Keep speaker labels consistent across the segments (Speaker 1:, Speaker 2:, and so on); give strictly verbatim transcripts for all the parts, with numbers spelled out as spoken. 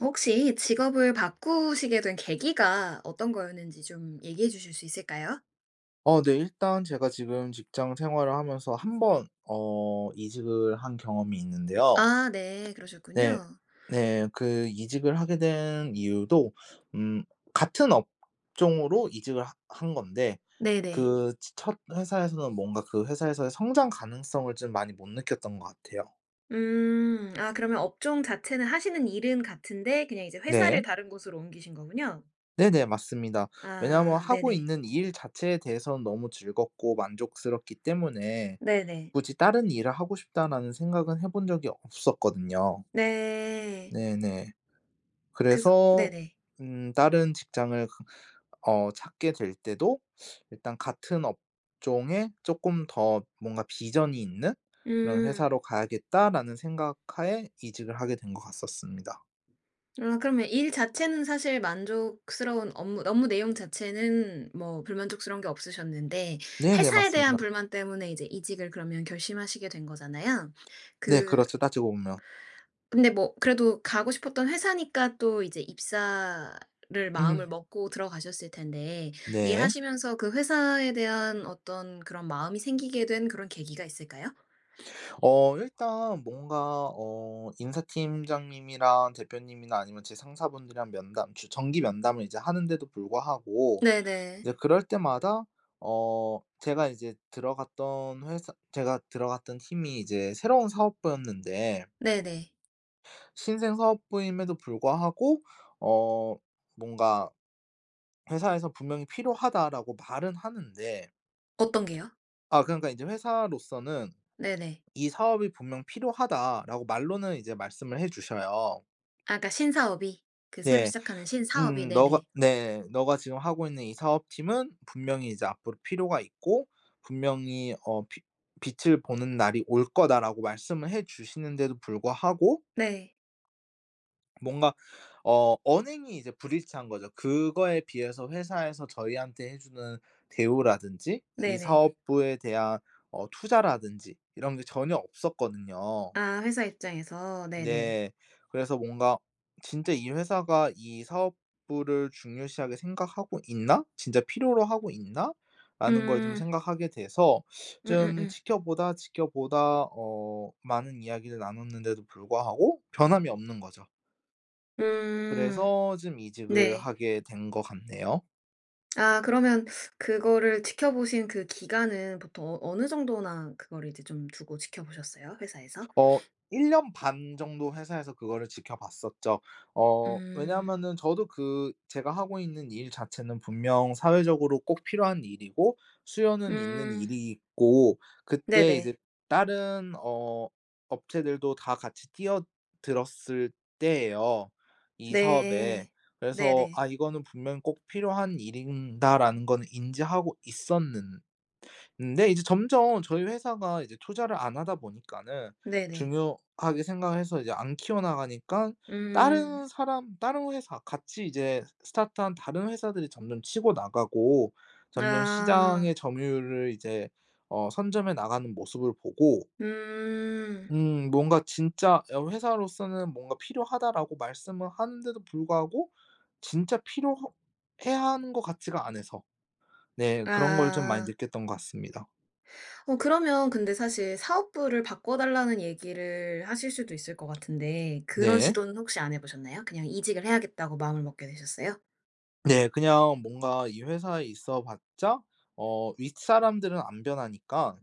Speaker 1: 혹시 직업을 바꾸시게 된 계기가 어떤 거였는지 좀 얘기해 주실 수 있을까요?
Speaker 2: 어 네. 일단 제가 지금 직장 생활을 하면서 한 번 어 이직을 한 경험이 있는데요.
Speaker 1: 아 네.
Speaker 2: 네.
Speaker 1: 그러셨군요.
Speaker 2: 네. 그 이직을 하게 된 이유도 음 같은 업종으로 이직을 하 한 건데
Speaker 1: 네네.
Speaker 2: 그 츠 첫 회사에서는 뭔가 그 회사에서의 성장 가능성을 좀 많이 못 느꼈던 것 같아요.
Speaker 1: 음. 아 그러면 업종 자체는 하시는 일은 같은데 그냥 이제 회사를
Speaker 2: 네.
Speaker 1: 다른 곳으로 옮기신 거군요.
Speaker 2: 네네. 맞습니다. 왜냐하면
Speaker 1: 아.
Speaker 2: 하고
Speaker 1: 네네.
Speaker 2: 있는 일 자체에 대해선 너무 즐겁고 만족스럽기 때문에
Speaker 1: 네네.
Speaker 2: 굳이 '다른 일을 하고 싶다.'라는 생각은 해 본 적이 없었거든요.
Speaker 1: 네.
Speaker 2: 네네.
Speaker 1: 그래서
Speaker 2: 그래서
Speaker 1: 네네.
Speaker 2: 음 다른 직장을 그 어 찾게 될 때도 일단 같은 업종에 쪼끔 더 뭔가 '비전이 있는 그런
Speaker 1: 음.
Speaker 2: 회사로 가야겠다.'라는 생각하에 이직을 하게 된 것 갔었습니다.
Speaker 1: 아 그러면 일 자체는 사실 만족스러운 업무 업무 내용 자체는 뭐 불만족스러운 게 없으셨는데
Speaker 2: 네네.
Speaker 1: 회사에 대한
Speaker 2: 맞습니다.
Speaker 1: 불만 때문에 이제 이직을 그러면 결심하시게 된 거잖아요.
Speaker 2: 네
Speaker 1: 그
Speaker 2: 그렇죠. 따지고 보면.
Speaker 1: 근데 뭐 그래도 가고 싶었던 회사니까 또 이제 입사를 마음을
Speaker 2: 음.
Speaker 1: 먹고 들어가셨을 텐데.
Speaker 2: 네.
Speaker 1: 일하시면서 그 회사에 대한 어떤 그런 마음이 생기게 된 그런 계기가 있을까요?
Speaker 2: 어 일단 뭔가 어 인사팀장님이랑 대표님이나 아니면 제 상사분들이랑 면담 규 정기 면담을 이제 하는데도 불구하고
Speaker 1: 네네.
Speaker 2: 이제 그럴 때마다 어 제가 이제 들어갔던 회사 제가 들어갔던 팀이 이제 새로운 사업부였는데
Speaker 1: 네네.
Speaker 2: 신생 사업부임에도 불구하고 어 뭔가 회사에서 "분명히 필요하다."라고 말은 하는데
Speaker 1: 어떤 게요?
Speaker 2: 아 그러니까 인제 회사로서는
Speaker 1: 네네.
Speaker 2: "이 사업이 분명 필요하다."라고 말로는 이제 말씀을 해 주셔요.
Speaker 1: 아 그러니까 신사업이. 그 새로
Speaker 2: 네.
Speaker 1: 시작하는 신사업이.
Speaker 2: 음. 너가
Speaker 1: 네네.
Speaker 2: 네. "너가 지금 하고 있는 이 사업팀은 분명히 이제 앞으로 필요가 있고 분명히 어 비 빛을 보는 날이 올 거다."라고 말씀을 해 주시는데도 불구하고
Speaker 1: 네.
Speaker 2: 뭔가 어 언행이 이제 불일치한 거죠. 그거에 비해서 회사에서 저희한테 해 주는 대우라든지 이
Speaker 1: 네네.
Speaker 2: 사업부에 대한 어 투자라든지 이런 게 전혀 없었거든요.
Speaker 1: 아 회사 입장에서. 네네.
Speaker 2: 네. 그래서 뭔가 '진짜 이 회사가 이 사업부를 중요시하게 생각하고 있나? 진짜 필요로 하고 있나?'라는 걸 좀
Speaker 1: 음.
Speaker 2: 생각하게 돼서 좀
Speaker 1: 음음음.
Speaker 2: 지켜보다, 지켜보다 어 많은 이야기를 나눴는데도 불구하고 변함이 없는 거죠.
Speaker 1: 음.
Speaker 2: 그래서 좀 이직을
Speaker 1: 네.
Speaker 2: 하게 된 것 같네요.
Speaker 1: 아 그러면 그거를 지켜보신 그 기간은 보통 어 어느 정도나 그걸 이제 좀 두고 지켜보셨어요 회사에서?
Speaker 2: 어 일 년 반 정도 회사에서 그거를 지켜봤었죠. 어
Speaker 1: 음.
Speaker 2: 왜냐하면은 저도 그 제가 하고 있는 일 자체는 분명 사회적으로 꼭 필요한 일이고 수요는 있는
Speaker 1: 음.
Speaker 2: 일이고 그때 이제
Speaker 1: 네네.
Speaker 2: 다른 어 업체들도 다 같이 뛰어들었을 때예요 이 사업에.
Speaker 1: 네.
Speaker 2: 그래서
Speaker 1: 네네.
Speaker 2: '아 이거는 분명 꼭 필요한 일인다라는 건 인지하고 있었는 는데 이제 점점 저희 회사가 이제 투자를 안 하다 보니까는
Speaker 1: 네네.
Speaker 2: 중요하게 생각해서 이제 안 키워 나가니깐
Speaker 1: 음.
Speaker 2: 다른 사람 다른 회사 같이 이제 스타트 한 다른 회사들이 점점 치고 나가고 점점
Speaker 1: 아.
Speaker 2: 시장의 점유율을 이제 어 선점해 나가는 모습을 보고
Speaker 1: 음.
Speaker 2: 음 뭔가 진짜 여기 회사로서는 뭔가 "필요하다."라고 말씀을 하는데도 불구하고 진짜 필요하 해야 하는 것 같지가 않아서. 네. 그런 걸 좀 많이
Speaker 1: 아.
Speaker 2: 느꼈던 것 같습니다.
Speaker 1: 어 그러면 근데 사실 사업부를 바꿔 달라는 얘기를 하실 수도 있을 것 같은데 그런
Speaker 2: 네.
Speaker 1: 시도는 혹시 안 해보셨나요? 그냥 이직을 해야겠다고 마음을 먹게 되셨어요?
Speaker 2: 네. 그냥 뭔가 이 회사에 있어 봤자 어 윗사람들은 안 변하니까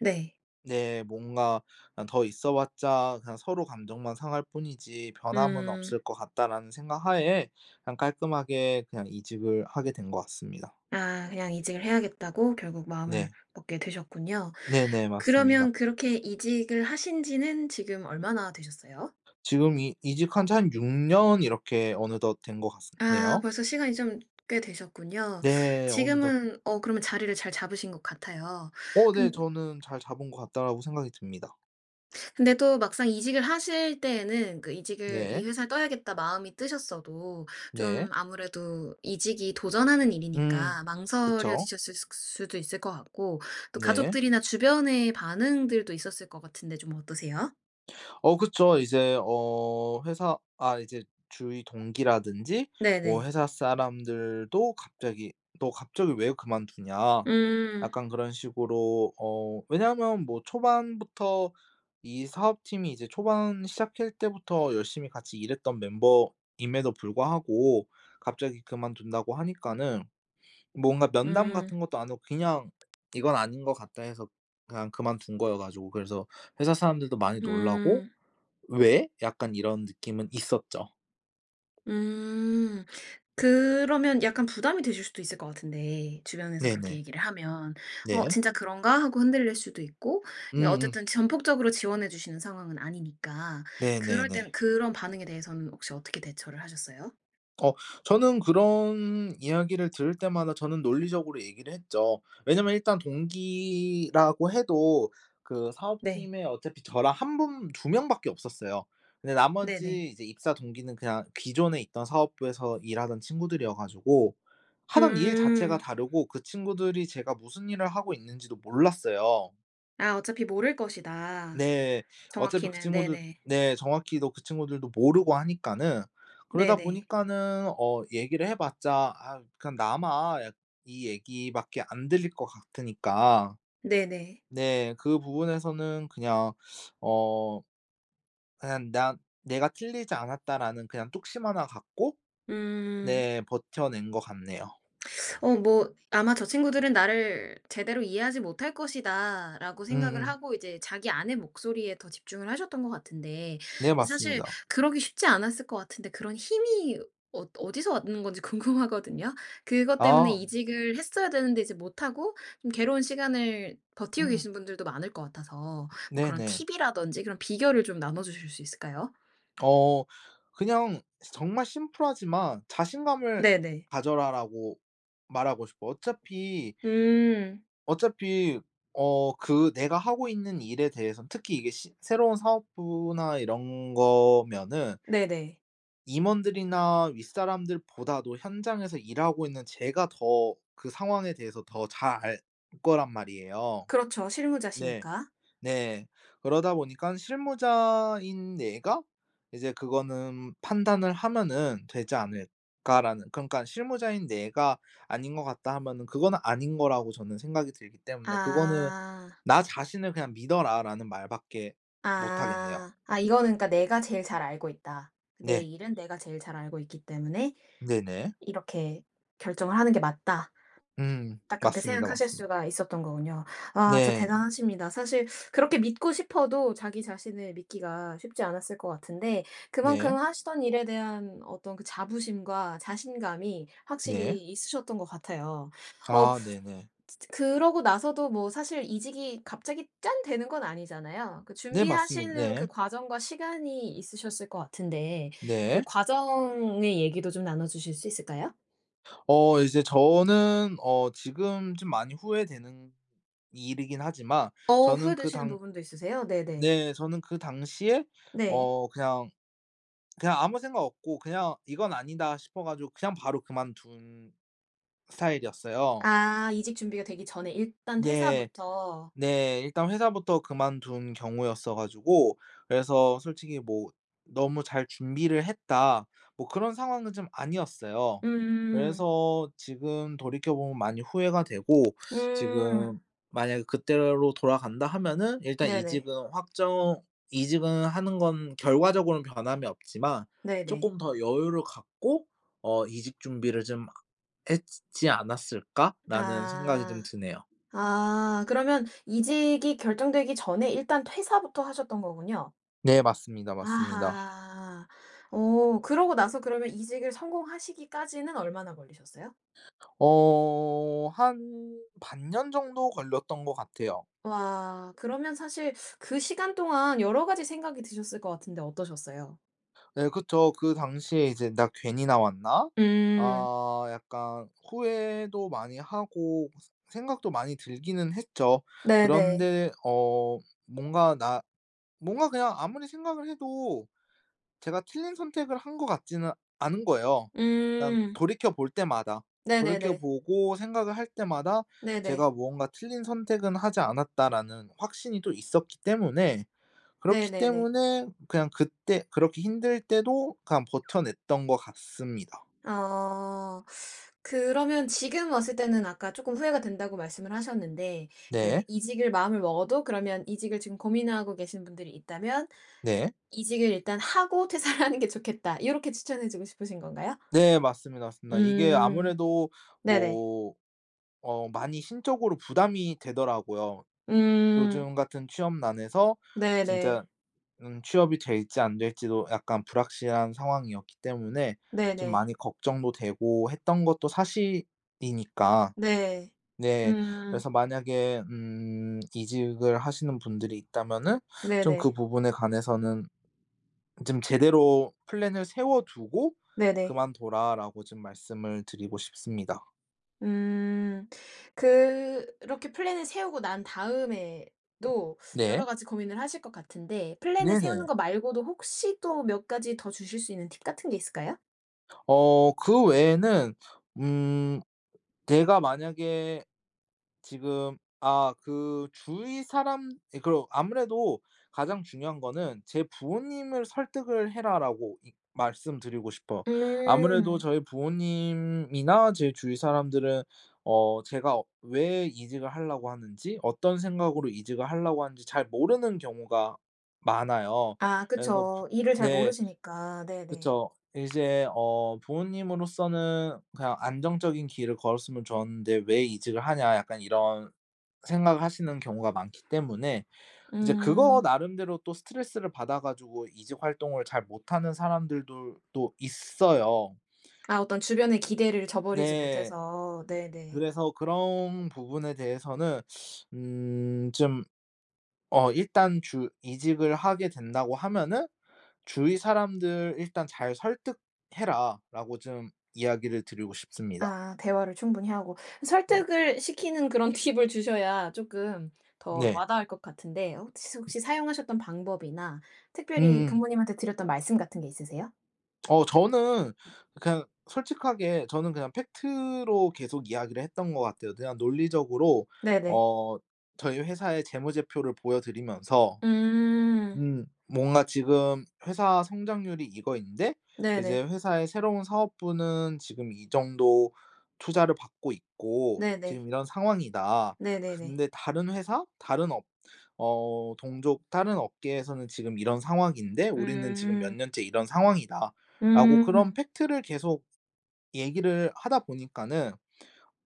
Speaker 1: 네.
Speaker 2: 네. 뭔가 그냥 '더 있어 봤자 그냥 서로 감정만 상할 뿐이지 변함은
Speaker 1: 음.
Speaker 2: 없을 것 같다.'라는 생각 하에 그냥 깔끔하게 그냥 이직을 하게 된 것 같습니다.
Speaker 1: 아 그냥 이직을 해야겠다고 결국 마음을
Speaker 2: 네.
Speaker 1: 먹게 되셨군요.
Speaker 2: 네네. 맞습니다.
Speaker 1: 그러면 그렇게 이직을 하신 지는 지금 얼마나 되셨어요?
Speaker 2: 지금 이 이직한 지 한 육 년 이렇게 어느덧 된 것 같습
Speaker 1: 아
Speaker 2: 네요.
Speaker 1: 벌써 시간이 좀 꽤 되셨군요.
Speaker 2: 네. 어느덧.
Speaker 1: 지금은 어 그러면 자리를 잘 잡으신 것 같아요.
Speaker 2: 어. 네.
Speaker 1: 근
Speaker 2: 저는 '잘 잡은 것 같다.'라고 생각이 듭니다.
Speaker 1: 근데 또 막상 이직을 하실 때에는 그 이직을 이
Speaker 2: 네.
Speaker 1: 회사를 떠야겠다 마음이 뜨셨어도
Speaker 2: 네.
Speaker 1: 좀 아무래도 이직이 도전하는
Speaker 2: 음.
Speaker 1: 일이니까
Speaker 2: 그쵸.
Speaker 1: 망설여지셨을 수 수도 있을 것 같고 또
Speaker 2: 네.
Speaker 1: 가족들이나 주변의 반응들도 있었을 것 같은데 좀 어떠세요?
Speaker 2: 어 그쵸. 이제 어 회사 아 이제 주위 동기라든지 뭐
Speaker 1: 네네.
Speaker 2: 회사 사람들도 갑자기 "너 갑자기 왜 그만두냐?"
Speaker 1: 음.
Speaker 2: 약간 그런 식으로 어 왜냐하면 뭐 초반부터 이 사업팀이 이제 초반 시작할 때부터 열심히 같이 일했던 멤버임에도 불구하고 갑자기 그만둔다고 하니까는 뭔가 면담
Speaker 1: 음.
Speaker 2: 같은 것도 안 하고 그냥 '이건 아닌 것 같다.' 해서 그냥 그만둔 거여 가지고 그래서 회사 사람들도 많이 놀라고
Speaker 1: 음.
Speaker 2: '왜?' 약간 이런 느낌은 있었죠.
Speaker 1: 음. 그러면 약간 부담이 되실 수도 있을 것 같은데, 주변에서 그렇게
Speaker 2: 네네.
Speaker 1: 얘기를 하면. 어
Speaker 2: 네.
Speaker 1: '진짜 그런가?' 하고 흔들릴 수도 있고 이
Speaker 2: 음음.
Speaker 1: 어쨌든 전폭적으로 지원해 주시는 상황은 아니니까. 그럴 때는
Speaker 2: 네네네.
Speaker 1: 그런 반응에 대해서는 혹시 어떻게 대처를 하셨어요?
Speaker 2: 어 저는 그런 이야기를 들을 때마다 저는 논리적으로 얘기를 했죠. 왜냐하면 일단 동기라고 해도 그
Speaker 1: 네.
Speaker 2: 사업팀에 어차피 저랑 한 분 두 명 밖에 없었어요. 근데
Speaker 1: 네네.
Speaker 2: 나머지 이제 입사 동기는 그냥 기존에 있던 사업부에서 일하던 친구들이어 가지고 하던 일 자체가
Speaker 1: 음.
Speaker 2: 다르고 그 친구들이 제가 무슨 일을 하고 있는지도 몰랐어요.
Speaker 1: 아 어차피 모를 것이다
Speaker 2: 네. 어차피 그
Speaker 1: 정확히는.
Speaker 2: 친구들
Speaker 1: 네네.
Speaker 2: 네. 정확히도 그 친구들도 모르고 하니까는 그러다
Speaker 1: 네네.
Speaker 2: 보니까는 어 얘기를 해봤자 아 그냥 나만 약 이 얘기밖에 안 들릴 것 같으니까.
Speaker 1: 네네.
Speaker 2: 네. 그 부분에서는 그냥 어 한 '나 내가 틀리지 않았다.'라는 그냥 뚝심 하나 갖고
Speaker 1: 음.
Speaker 2: 네. 버텨낸 것 같네요.
Speaker 1: 어 뭐 아마 '저 친구들은 나를 제대로 이해하지 못할 것이다.'라고 생각을
Speaker 2: 음음.
Speaker 1: 하고 이제 자기 안의 목소리에 더 집중을 하셨던 것 같은데
Speaker 2: 네
Speaker 1: 근데 사실
Speaker 2: 맞습니다.
Speaker 1: 그러기 쉽지 않았을 것 같은데 그런 힘이 어 어디서 왔는 건지 궁금하거든요. 그것 때문에
Speaker 2: 아.
Speaker 1: 이직을 했어야 되는데 이제 못하고 좀 괴로운 시간을 버티고
Speaker 2: 음.
Speaker 1: 계신 분들도 많을 것 같아서 뭐 그런
Speaker 2: 네네.
Speaker 1: 팁 이라든지 그런 비결을 좀 나눠 주실 수 있을까요?
Speaker 2: 어. 그냥 정말 심플하지만 "자신감을
Speaker 1: 네네.
Speaker 2: 가져라."라고 말하고 싶어 어차피,
Speaker 1: 음.
Speaker 2: 어차피 어 그 내가 하고 있는 일에 대해서 특히 이게 시 새로운 사업부나 이런 거면은
Speaker 1: 네네.
Speaker 2: 임원들이나 윗사람들보다도 현장에서 일하고 있는 제가 더 그 상황에 대해서 더 잘 알 거란 말이에요.
Speaker 1: 그렇죠.
Speaker 2: 네.
Speaker 1: 실무자시니까.
Speaker 2: 네. 그러다 보니까 '실무자인 내가 이제 그거는 판단을 하면은 되지 않을까.'라는 그러니까 '실무자인 내가 아닌 것 같다.' 하면은 그건 아닌 거라고 저는 생각이 들기 때문에 그거는
Speaker 1: 아.
Speaker 2: "나 자신을 그냥 믿어라."라는 말밖에 못 하겠네요.
Speaker 1: 아. 아 이거는 그러니까 '내가 제일 잘 알고 있다. 내
Speaker 2: 네.
Speaker 1: 일은 내가 제일 잘 알고 있기 때문에
Speaker 2: 네네.
Speaker 1: 이렇게 결정을 하는 게 맞다.'
Speaker 2: 음.
Speaker 1: 딱 그렇게
Speaker 2: 맞습니다.
Speaker 1: 생각하실
Speaker 2: 맞습니다.
Speaker 1: 수가 있었던 거군요. 아 진짜
Speaker 2: 네.
Speaker 1: 대단하십니다. 사실 그렇게 믿고 싶어도 자기 자신을 믿기가 쉽지 않았을 것 같은데 그만큼
Speaker 2: 네.
Speaker 1: 하시던 일에 대한 어떤 그 자부심과 자신감이 확실히
Speaker 2: 네.
Speaker 1: 있으셨던 것 같아요. 어
Speaker 2: 아. 네네.
Speaker 1: 즈 즈 그러고 나서도 뭐 사실 이직이 갑자기 짠 되는 건 아니잖아요? 그
Speaker 2: 네. 맞습니
Speaker 1: 준비하시는 그
Speaker 2: 네.
Speaker 1: 과정과 시간이 있으셨을 것 같은데 그
Speaker 2: 네.
Speaker 1: 과정의 얘기도 좀 나눠 주실 수 있을까요?
Speaker 2: 어 이제 저는 어 지금 좀 많이 후회되는 일이긴 하지만
Speaker 1: 어.
Speaker 2: 저는 그
Speaker 1: 후회되시는
Speaker 2: 당
Speaker 1: 부분도 있으세요? 네네.
Speaker 2: 네. 저는 그 당시에
Speaker 1: 네.
Speaker 2: 어 그냥, 그냥 아무 생각 없고 그냥 '이건 아니다.' 싶어 가지고 그냥 바로 그만둔 스타일이었어요.
Speaker 1: 아. 이직 준비가 되기 전에 일단
Speaker 2: 네.
Speaker 1: 퇴사부터.
Speaker 2: 네. 일단 회사부터 그만둔 경우였어 가지고 그래서 솔직히 뭐 '너무 잘 준비를 했다.' 뭐 그런 상황은 좀 아니었어요.
Speaker 1: 음.
Speaker 2: 그래서 지금 돌이켜보면 많이 후회가 되고
Speaker 1: 음.
Speaker 2: 지금 만약에 그때로 돌아간다 하면은 일단
Speaker 1: 네네.
Speaker 2: 이직은 확정 이직은 하는 건 결과적으로는 변함이 없지만
Speaker 1: 네네.
Speaker 2: '쪼끔 더 여유를 갖고 어 이직 준비를 좀 하 했지 지 않았을까?'라는 생각이 좀
Speaker 1: 아.
Speaker 2: 드네요.
Speaker 1: 아 그러면 이직이 결정되기 전에 일단 퇴사부터 하셨던 거군요?
Speaker 2: 네. 맞습니다. 맞습니다.
Speaker 1: 아하. 어 그러고 나서 그러면 이직을 성공하시기까지는 얼마나 걸리셨어요?
Speaker 2: 어 한 반 년 정도 걸렸던 것 같아요.
Speaker 1: 와. 그러면 사실 그 시간 동안 여러 가지 생각이 드셨을 것 같은데 어떠셨어요?
Speaker 2: 네. 그쵸. 그 당시에 이제 '나 괜히 나왔나?'
Speaker 1: 음.
Speaker 2: 아 약간 후회도 많이 하고 스 생각도 많이 들기는 했죠.
Speaker 1: 네네.
Speaker 2: 그런데 어 뭔가 나 뭔가 그냥 아무리 생각을 해도 제가 틀린 선택을 한 것 같지는 않은 거예요. 그냥
Speaker 1: 음.
Speaker 2: 돌이켜 볼 때마다 돌이켜
Speaker 1: 네네네.
Speaker 2: 보고 생각을 할 때마다
Speaker 1: 네네.
Speaker 2: 제가 뭔가 '틀린 선택은 하지 않았다.'라는 확신이 또 있었기 때문에 그렇기
Speaker 1: 네네네.
Speaker 2: 때문에 그냥 그때 그렇게 힘들 때도 그냥 버텨 냈던 것 같습니다.
Speaker 1: 아. 그러면 지금 왔을 때는 아까 쪼끔 후회가 된다고 말씀을 하셨는데 그
Speaker 2: 네.
Speaker 1: 이직을 마음을 먹어도 그러면 이직을 지금 고민하고 계시는 분들이 있다면
Speaker 2: 네.
Speaker 1: "이직을 일단 하고 퇴사를 하는 게 좋겠다." 요렇게 추천해 주고 싶으신 건가요?
Speaker 2: 네. 맞습니다. 맞습니다. 이게
Speaker 1: 음.
Speaker 2: 아무래도
Speaker 1: 네네.
Speaker 2: 뭐 어 많이 심적으로 부담이 되더라고요.
Speaker 1: 음.
Speaker 2: 요즘 같은 취업 난에서 진짜
Speaker 1: 네네.
Speaker 2: 음 취업이 될지 안될지도 약간 불확실한 상황이었기 때문에 좀
Speaker 1: 네네.
Speaker 2: 많이 걱정도 되고 했던 것도 사실이니까.
Speaker 1: 네.
Speaker 2: 네.
Speaker 1: 음.
Speaker 2: 그래서 만약에 음 이직을 하시는 분들이 있다면은 좀 그
Speaker 1: 네네.
Speaker 2: 부분에 관해서는 좀 "제대로 플랜을 세워두고
Speaker 1: 네네.
Speaker 2: 그만둬라."라고 좀 말씀을 드리고 싶습니다.
Speaker 1: 음. 그렇게 플랜을 세우고 난 다음에도 여러
Speaker 2: 네.
Speaker 1: 가지 고민을 하실 것 같은데 플랜을 세우는 거
Speaker 2: 네네.
Speaker 1: 말고도 혹시 또 몇 가지 더 주실 수 있는 팁 같은 게 있을까요?
Speaker 2: 어 그 외에는 음 내가 만약에 지금 아 그 주위 사람 예 그리고 아무래도 가장 중요한 거는 "제 부모님을 설득을 해라."라고 이 말씀드리고 싶어요. 아무래도
Speaker 1: 음.
Speaker 2: 저희 부모님이나 제 주위 사람들은 어 제가 왜 이직을 하려고 하는지 어떤 생각으로 이직을 하려고 하는지 잘 모르는 경우가 많아요.
Speaker 1: 아
Speaker 2: 그래서 부
Speaker 1: 그쵸. 일을 잘
Speaker 2: 네.
Speaker 1: 모르시니까. 네네.
Speaker 2: 그쵸. 이제 어 부모님으로서는 '그냥 안정적인 길을 걸었으면 좋은데 왜 이직을 하냐.' 약간 이런 생각을 하시는 경우가 많기 때문에 이제 그거
Speaker 1: 음.
Speaker 2: 나름대로 또 스트레스를 받아 가지고 이직 활동을 잘 못하는 사람들도 또 있어요.
Speaker 1: 아 어떤 주변의 기대를 저버리지
Speaker 2: 네.
Speaker 1: 못해서. 네네.
Speaker 2: 그래서 그런 부분에 대해서는 음 좀 어 일단 주 이직을 하게 된다고 하면은 "주위 사람들 일단 잘 설득해라."라고 좀 이야기를 드리고 싶습니다.
Speaker 1: 아 대화를 충분히 하고
Speaker 2: 음.
Speaker 1: 설득을 시키는 그런 팁을 주셔야 쪼끔 더
Speaker 2: 네.
Speaker 1: 와닿을 것 같은데 혹시 혹시 사용하셨던 방법이나 특별히
Speaker 2: 음음.
Speaker 1: 부모님한테 드렸던 말씀 같은 게 있으세요?
Speaker 2: 어 저는 그냥 솔직하게 저는 그냥 팩트로 계속 이야기를 했던 것 같아요. 그냥 논리적으로
Speaker 1: 네네.
Speaker 2: 어 저희 회사의 재무제표를 보여 드리면서
Speaker 1: 음.
Speaker 2: 음 뭔가 "지금 회사 성장률이 이거인데 이제
Speaker 1: 네네.
Speaker 2: 회사의 새로운 사업부는 지금 이 정도 투자를 받고 있고
Speaker 1: 네네.
Speaker 2: 지금 이런 상황이다.
Speaker 1: 네네네.
Speaker 2: 근데 다른 회사 다른 업 어 동족 다른 업계에서는 지금 이런 상황인데 우리는 지금 몇
Speaker 1: 음.
Speaker 2: 년째 이런 상황이다."라고 그런
Speaker 1: 음.
Speaker 2: 팩트를 계속 얘기를 하다 보니까는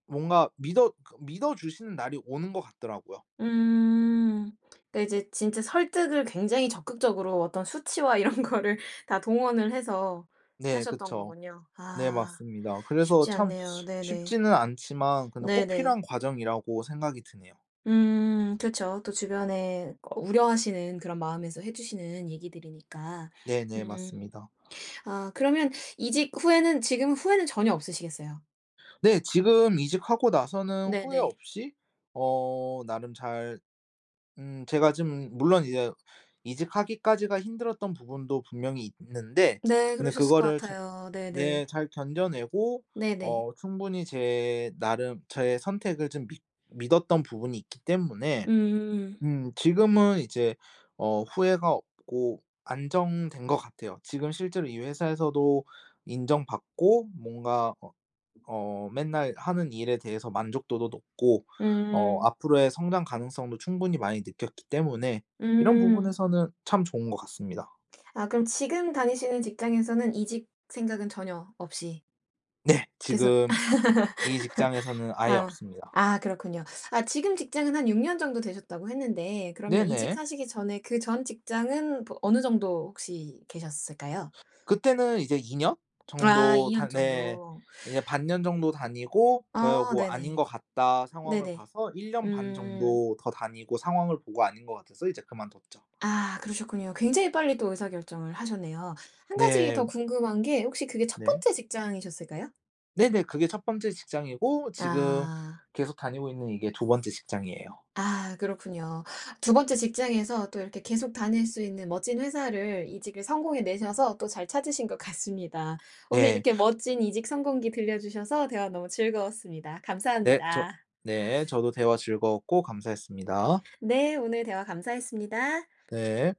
Speaker 2: 뭔가 믿어 그러니까 믿어 주시는 날이 오는 것 같더라고요.
Speaker 1: 음. 그러니까 이제 진짜 설득을 굉장히 적극적으로 어떤 수치와 이런 거를 다 동원을 해서
Speaker 2: 네
Speaker 1: 하셨던
Speaker 2: 그쵸.
Speaker 1: 거군요.
Speaker 2: 네
Speaker 1: 아.
Speaker 2: 맞습니다. 그래서
Speaker 1: 쉽지
Speaker 2: 참
Speaker 1: 않네요. 네네.
Speaker 2: 쉽지는 않지만 근데 꼭
Speaker 1: 네네.
Speaker 2: 필요한 과정이라고 생각이 드네요.
Speaker 1: 음. 그쵸. 또 주변에 꼭 우려하시는 그런 마음에서 해 주시는 얘기들이니까.
Speaker 2: 네네
Speaker 1: 음.
Speaker 2: 맞습니다.
Speaker 1: 아 그러면 이직 후에는 지금 후회는 전혀 없으시겠어요.
Speaker 2: 네. 지금 이직하고 나서는 후회
Speaker 1: 네네.
Speaker 2: 없이 어 나름 잘 음 제가 지금 물론 이제 이직하기까지가 힘들었던 부분도 분명히 있는데
Speaker 1: 네.
Speaker 2: 근데
Speaker 1: 그러셨을 것
Speaker 2: 그거를 잘
Speaker 1: 같아요.
Speaker 2: 네
Speaker 1: 네네.
Speaker 2: 잘 견뎌내고
Speaker 1: 네네.
Speaker 2: 어 충분히 제 나름 저의 선택을 좀 믿 믿었던 부분이 있기 때문에
Speaker 1: 음.
Speaker 2: 음 지금은 이제 어 후회가 없고 안정된 것 같아요. 지금 실제로 이 회사에서도 인정 받고 뭔가 어 어 맨날 하는 일에 대해서 만족도도 높고 어
Speaker 1: 음.
Speaker 2: 앞으로의 성장 가능성도 충분히 많이 느꼈기 때문에 이런
Speaker 1: 음.
Speaker 2: 부분에서는 참 좋은 것 같습니다.
Speaker 1: 아 그럼 지금 다니시는 직장에서는 이직 생각은 전혀 없이
Speaker 2: 네.
Speaker 1: 계속
Speaker 2: 지금 이 직장에서는 아예
Speaker 1: 아.
Speaker 2: 없습니다.
Speaker 1: 아. 그렇군요. 아 지금 직장은 한 육 년 정도 되셨다고 했는데 그러면
Speaker 2: 네네.
Speaker 1: 이직하시기 전에 그 전 직장은 버 어느 정도 혹시 계셨을까요?
Speaker 2: 그때는 이제 이 년
Speaker 1: 아 이
Speaker 2: 정도
Speaker 1: 년
Speaker 2: 다 네.
Speaker 1: 정도.
Speaker 2: 네 반년 정도 다니고
Speaker 1: 아
Speaker 2: 그리고 '아닌
Speaker 1: 네네.
Speaker 2: 것 같다.' 상황을
Speaker 1: 네네.
Speaker 2: 봐서 일 년 반
Speaker 1: 음.
Speaker 2: 정도 더 다니고 상황을 보고 아닌 것 같아서 이제 그만뒀죠.
Speaker 1: 아 그러셨군요. 굉장히 빨리 또 의사결정을 하셨네요. 한 가지
Speaker 2: 네.
Speaker 1: 더 궁금한 게 혹시 그게 첫
Speaker 2: 네.
Speaker 1: 번째 직장이셨을까요?
Speaker 2: 네네. 그게 첫 번째 직장이고 지금
Speaker 1: 아.
Speaker 2: 계속 다니고 있는 이게 두 번째 직장이에요.
Speaker 1: 아 그렇군요. 두 번째 직장에서 또 이렇게 계속 다닐 수 있는 멋진 회사를 이직을 성공해 내셔서 또 잘 찾으신 것 같습니다. 오늘
Speaker 2: 네.
Speaker 1: 이렇게 멋진 이직 성공기 들려 주셔서 대화 너무 즐거웠습니다.
Speaker 2: 네. 저
Speaker 1: 감사합니다.
Speaker 2: 네. 저도 대화 즐거웠고 감사했습니다.
Speaker 1: 네. 오늘 대화 감사했습니다.
Speaker 2: 네.